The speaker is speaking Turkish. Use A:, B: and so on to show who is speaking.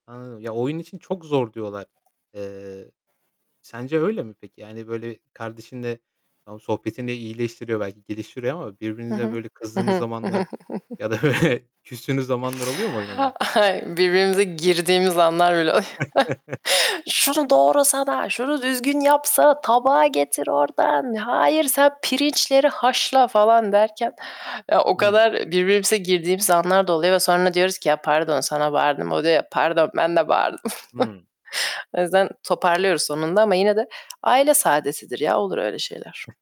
A: Anladım. Ya, oyun için çok zor diyorlar. Eee, sence öyle mi peki? Yani böyle kardeşinle Tamam sohbetinle iyileştiriyor belki geliştiriyor ama
B: Hı
A: birbirinize
B: hı.
A: böyle
B: Hı
A: kızdığınız
B: hı.
A: zamanlar ya da böyle küstüğünüz zamanlar oluyor mu oyun oynarken?
B: Hay, birbirimize girdiğimiz anlar bile oluyor. "Şunu doğrasana, şunu düzgün yapsa, tabağı getir ordan, hayır sen pirinçleri haşla." falan derken ya, o
A: Hı.
B: kadar birbirimize girdiğimiz anlar da oluyor ve sonra diyoruz ki, "Ya, pardon sana bağırdım." O diyor, "Pardon ben de bağırdım."
A: Hı.
B: O yüzden toparlıyoruz sonunda ama yine de aile saadetidir ya, olur öyle şeyler.